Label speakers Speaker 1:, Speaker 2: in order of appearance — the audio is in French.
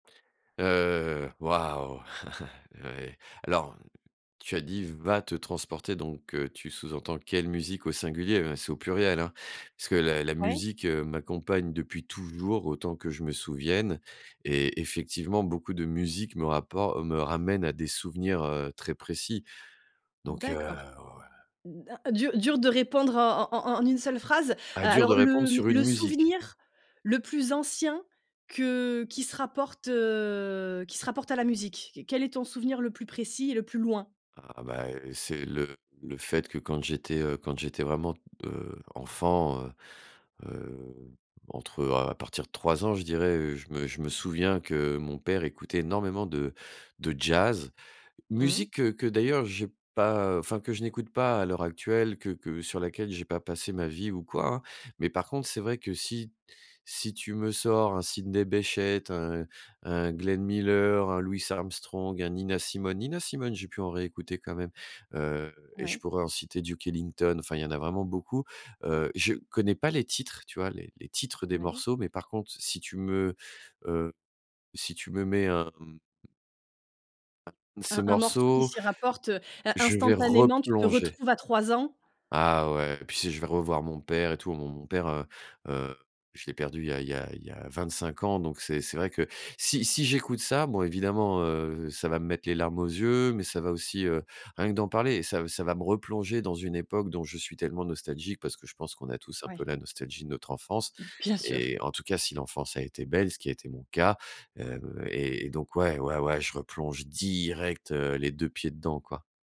Speaker 1: Heu waouh! Oui. Alors, tu as dit: «va te transporter» donc, heu, tu sous-entends quelle musique au singulier? Ben, c'est au pluriel hein, parce que la la
Speaker 2: Ouais.
Speaker 1: musique, heu, m'accompagne depuis toujours autant que je me souvienne et effectivement, beaucoup de musiques me rappor me ramènent à des souvenirs, heu, très précis, donc heu,
Speaker 2: D'accord.
Speaker 1: oh, heu
Speaker 2: D'a dur, dur de répondre en en en en une seule phrase.
Speaker 1: Ah!
Speaker 2: A
Speaker 1: Dur de
Speaker 2: alors
Speaker 1: répondre
Speaker 2: le, mmh,
Speaker 1: sur une
Speaker 2: le
Speaker 1: musique.
Speaker 2: souvenir le plus ancien que qui se rapporte, heu, qui se rapporte à la musique? Q quel est ton souvenir le plus précis et le plus loin?
Speaker 1: Ah, bah, c'est le le fait que quand j'étais, heu, quand j'étais vraiment, heu, enfant, heu heu, entre, heu, à partir de 3 ans je dirais, heu, je me je me souviens que mon père écoutait énormément de de jazz.
Speaker 2: Mmh.
Speaker 1: Musique que que d'ailleurs j'ai pas, heu, enfin, que je n'écoute pas à l'heure actuelle que que sur laquelle j'ai pas passé ma vie ou quoi hein. Mais par contre, c'est vrai que si si tu me sors un Sidney Bechet, un un Glenn Miller, un Louis Armstrong, un Nina Simone. Nina Simone j'ai pu en réécouter quand même, heu et je
Speaker 2: Oui.
Speaker 1: pourrais en citer, Duke Ellington. Enfin, il y en a vraiment beaucoup, heu, je connais pas les titres, tu vois les les titres des
Speaker 2: Oui.
Speaker 1: morceaux. Mais par contre, si tu me, heu, si tu me mets un, mmh un de
Speaker 2: Un
Speaker 1: ces
Speaker 2: un morceau qui
Speaker 1: morceaux
Speaker 2: s'y rapporte, heu, in
Speaker 1: je vais
Speaker 2: instantanément. Tu te
Speaker 1: replonger.
Speaker 2: retrouves à 3 ans?
Speaker 1: Ah ouais et puis si je vais revoir mon père et tout, mon mon mon père, heu heu, je l'ai perdu il y a il y a il y a 25 ans. Donc c'est c'est vrai que si si j'écoute ça, bon évidemment, heu, ça va me mettre les larmes aux yeux. Mais ça va aussi, heu rien que d'en parler, ça ça va me replonger dans une époque dont je suis tellement nostalgique. Parce que je pense qu'on a tous un
Speaker 2: Oui.
Speaker 1: peu la nostalgie de notre enfance
Speaker 2: Bien sûr.
Speaker 1: et en tout cas, si l'enfance a été belle, ce qui a été mon cas, heu et et donc ouais, ouais, ouais, je replonge direct heu, les 2 pieds dedans quoi.